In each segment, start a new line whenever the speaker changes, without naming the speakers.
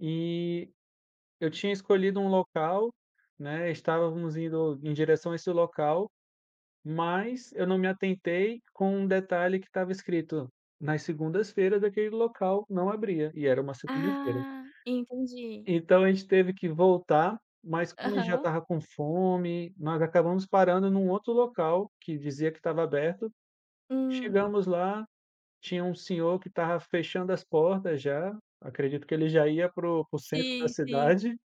E, eu tinha escolhido um local, né, estávamos indo em direção a esse local, mas eu não me atentei com um detalhe que estava escrito, nas segundas-feiras aquele local não abria, e era uma segunda-feira.
Ah entendi.
Então a gente teve que voltar, mas como a gente já
Aham.
estava com fome, nós acabamos parando num outro local que dizia que estava aberto,
Hum.
chegamos lá, tinha um senhor que estava fechando as portas já, acredito que ele já ia para o para o centro da
Sim, sim.
cidade,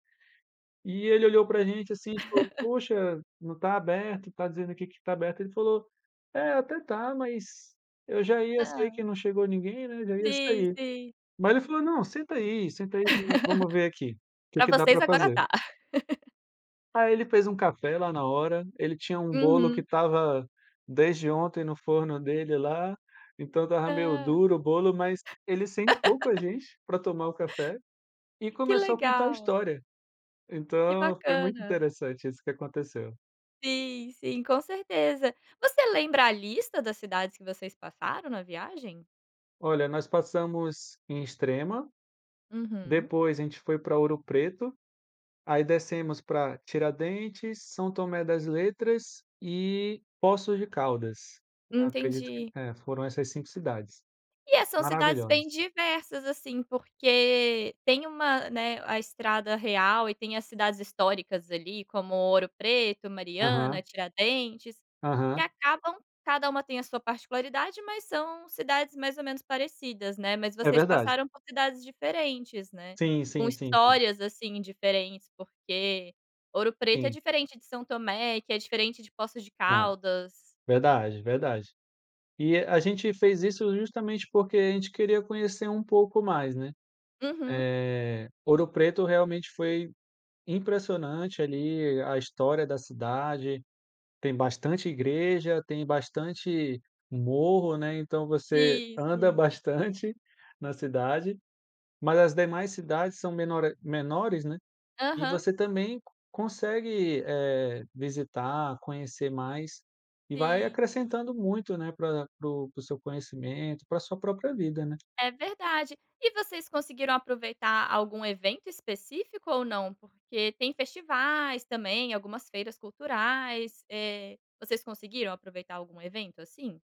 e ele olhou pra gente assim, a gente falou: "Poxa, não tá aberto, tá dizendo aqui que está aberto". Ele falou: "É, até tá, mas, eu já ia, sei
Hã.
que não chegou ninguém, né, já ia
Sim
sair".
sim.
Mas ele falou: "Não senta aí senta aí vamo vamo ver aqui, o que
Pra
que dá
vocês
pra
agora
fazer".
tá.
Aí ele fez um café lá na hora, ele tinha um bolo que
Uhum.
estava desde ontem no forno dele lá, então estava meio
Ah.
duro o bolo, mas ele sentou com a gente pra tomar o café, e
Que
começou a contar a
legal.
história.
Que
Então foi muito
bacana.
interessante isso que aconteceu.
Sim, sim, com certeza. Você lembra a lista das cidades que vocês passaram na viagem?
Olha, nós passamos em Extrema,
Uhum.
depois a gente foi para Ouro Preto, aí descemos para Tiradentes, São Tomé das Letras e Poços de Caldas, acredito que,
Entendi.
eh, foram essas 5 cidades.
E é são cidades
Maravilhosa.
bem diversas assim porque, tem uma, né, a estrada real e tem as cidades históricas ali como Ouro Preto, Mariana,
Aham.
Tiradentes, que
Aham.
acabam cada uma tem a sua particularidade, mas são cidades mais ou menos parecidas, né. Mas
É
vocês
verdade.
passaram por cidades diferentes, né.
Sim,
Com
sim, sim, sim.
histórias assim diferentes, porque Ouro Preto é
Sim.
diferente de São Tomé, que é diferente de Poços de
Aham,
Caldas.
verdade, verdade. E a gente fez isso justamente porque a gente queria conhecer um pouco mais, né,
Uhum.
eh, Ouro Preto realmente foi impressionante ali a história da cidade, tem bastante igreja, tem bastante morro, né. Então você
Sim,
anda
sim.
bastante na cidade, mas as demais cidades são menore menores, né. E
Aham.
você também consegue, eh, visitar, conhecer mais, e vai
Sim.
acrescentando muito, né, pra para o para o seu conhecimento, para a sua própria vida, né.
É verdade. E vocês conseguiram aproveitar algum evento específico ou não? Porque tem festivais também, algumas feiras culturais. Eh, vocês conseguiram aproveitar algum evento, assim?